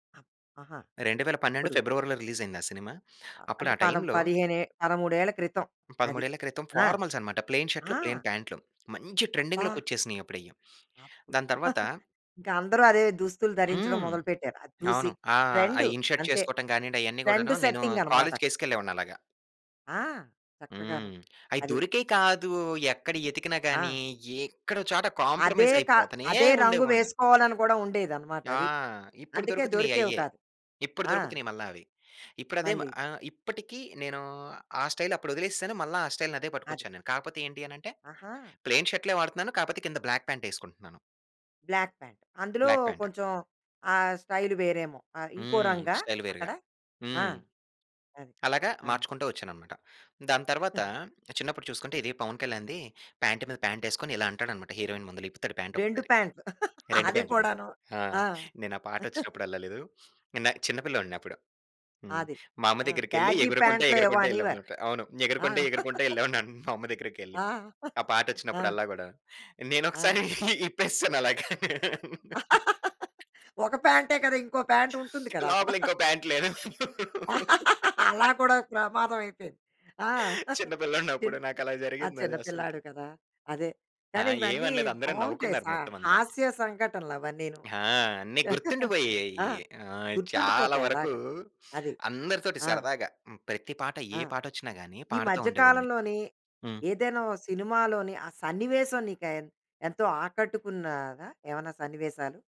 ఆహా! 2012 అప్పుడు. ఫిబ్రవరీలో రిలీజయిందా సినిమా. అప్పుడు అంటే ఆ పదం టైములో పదిహేనే 13 క్రితం అది. 13 క్రితం ఆ! ఫార్మల్సనమాట. ప్లెయిన్ షర్టులు, ఆ! ప్లెయిన్ పాంట్లు మంచి అబ్బా! ట్రెండింగ్‌లోకి వచ్చేసినయి అప్పుడయి. అప్పుడు దాని తరువాత ఇంకా అందరూ అదే దుస్తులు ధరించడం హ్మ్. మొదలు పెట్టారు అది చూసి అవును. ఆహ్, ఆ! ట్రెండు. ఇన్ షర్ట్ అంతే. చేసుకోవటం గానియ్యండి. అయన్నీ గూడాను ట్రెండు నేను సెట్టింగనమాటకడ. కాలేజుకి యేసుకెళ్ళేవాడిని అలాగా. ఆ! చక్కగాను హ్మ్. అయి అది. దొరికేయి కాదు. ఎక్కడ యెతికినా ఆ! గాని ఎక్కడో చోట అదే కాంప్రమైజ్ క అయిపోతనే అదే రంగు ఉండేవాడిని. వేసుకోవాలని కూడా ఉండేదనమాట. ఆ! అది. ఇప్పుడు అందుకే దొరుకుతున్నయి దొరికేవి అయ్యే. కాదు. ఇప్పుడు ఆ! దొరుకుతున్నయి మల్లా అవి. ఇప్పుడదే మా మళ్ళీ ఆహ్, ఇప్పటికి, నేను ఆ స్టైల్ అప్పుడొదిలేసాను. మళ్ళా ఆ స్టైల్‌ని అదే అది. పట్టుకొచ్చా నేను. కాకపోతే ఏంటి అని అంటే ఆహా! ప్లెయిన్ షర్టులే వాడుతున్నాను. కాపోతే కింద బ్లాక్ పాంటేసుకుంటున్నాను. బ్లాక్ ప్యాంట్ అందులో బ్లాక్ ప్యాంట్. కొంచెం ఆ స్టైల్ వేరేమో, ఆహ్, ఇంకో హ్మ్. రంగా స్టైల్ వేరుగా అక్కడ. ఆ! హ్మ్. అది! అలాగా ఆ! మార్చుకుంటూ వచ్చాననమాట. దాని తరువాత చిన్నప్పుడు చూసుకుంటే ఇది పవన్ కళ్యాణ్‌ది ప్యాంట్ మీద పాంటేసుకొని ఇలా అంటాడనమాట. హీరోయిన్ ముందుల ఇప్పుతాడు 2 ప్యాంటొక్కసారి. పాంట్లు 2 అది పాంట్లు. కూడాను. ఆ! ఆ! నేను ఆ పాటొచ్చినప్పుడు అల్లలేదు. నేనా చిన్న పిల్లోడినప్పుడు. హ్మ్. అది. మా అమ్మ ఆ! దగ్గరికెళ్లి బ్యాగీ ఎగురుకుంట పాంట్లో ఏవో ఎగురుకుంట అనేవారు. యెల్లానమాట. అవును. ఆ! ఎగురుకుంటే, ఎగురుకుంట యెళ్ళేవాడినన మా అమ్మ దగ్గరికెళ్లి. ఆ! ఆ ఆ! పాటొచ్చినపుడల్లా గూడాను. ఆ! నేనొకసారి ఇప్పేసాను అలాగా. ఒక ప్యాంటే కదా! ఇంకో పాంటుంటుంది కదా! అక్కడ. లోపల ఇంకో పాంటు లేదు. అలా కూడా ప్రమాదమయిపోయింది. ఆ! చిన్న చిన్ పిల్లోడినప్పుడు. నాకలా ఆ జరిగిందది చిన్న అసలకి. పిల్లాడివి కదా! అదే ఆ! కానీ ఇవన్నీ ఏవనలేదు. అందరును బావుంటాయి. నవ్వుకున్నారు సా మొత్తమంతా. హాస్య సంఘటనలు అవన్నీను. ఆ! అన్ని గుర్తుండిపోయాయి. ఆ! ఆ! చాలా గుర్తుండిపోతాయలాగ. వరకు అది. అందరితోటి ఆ! సరదాగా హ్మ్. ప్రతి పాట ఆ! ఏ పాటొచ్చిన గాని ఈ పాడతా మధ్య ఉండేవాడిని. కాలంలోని హ్మ్. ఏదైనా ఓ సినిమాలోని ఆ సన్నివేశం నీకు ఎన్ ఎంతో ఆకట్టుకున్నదా? ఏమైనా సన్నివేశాలు?